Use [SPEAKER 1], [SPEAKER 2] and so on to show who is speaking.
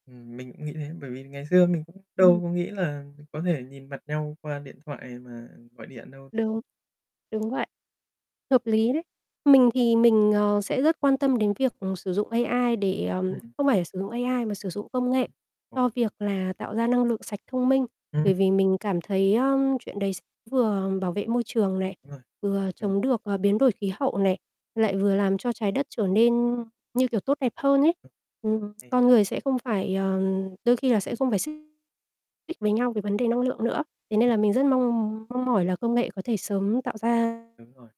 [SPEAKER 1] Ừm, mình cũng nghĩ thế, bởi vì ngày xưa mình cũng đâu
[SPEAKER 2] Ừm.
[SPEAKER 1] có nghĩ là có thể nhìn mặt nhau qua điện thoại mà gọi điện đâu, đúng không?
[SPEAKER 2] Đúng, đúng vậy. Hợp lý đấy. Mình thì mình, ờ, sẽ rất quan tâm đến việc sử dụng AI để, ờ
[SPEAKER 1] Ừm.
[SPEAKER 2] không phải là sử dụng AI mà sử dụng công nghệ
[SPEAKER 1] [unintelligible]
[SPEAKER 2] cho việc là tạo ra năng lượng sạch thông minh.
[SPEAKER 1] Ừm.
[SPEAKER 2] Bởi vì mình cảm thấy, ơ, chuyện đấy s vừa bảo vệ môi trường này,
[SPEAKER 1] Đúng rồi,
[SPEAKER 2] vừa
[SPEAKER 1] ừm.
[SPEAKER 2] chống được, ờ, biến đổi khí hậu này, lại vừa làm cho trái đất trở nên, như kiểu, tốt đẹp hơn ấy. Ừm, con
[SPEAKER 1] [unintelligible]
[SPEAKER 2] người sẽ không phải, ờ đôi khi là sẽ không phải xích mích với nhau về vấn đề năng lượng nữa. Thế nên
[SPEAKER 1] [unintelligible]
[SPEAKER 2] là mình rất mong mong mỏi là công nghệ có thể sớm tạo ra
[SPEAKER 1] Đúng rồi.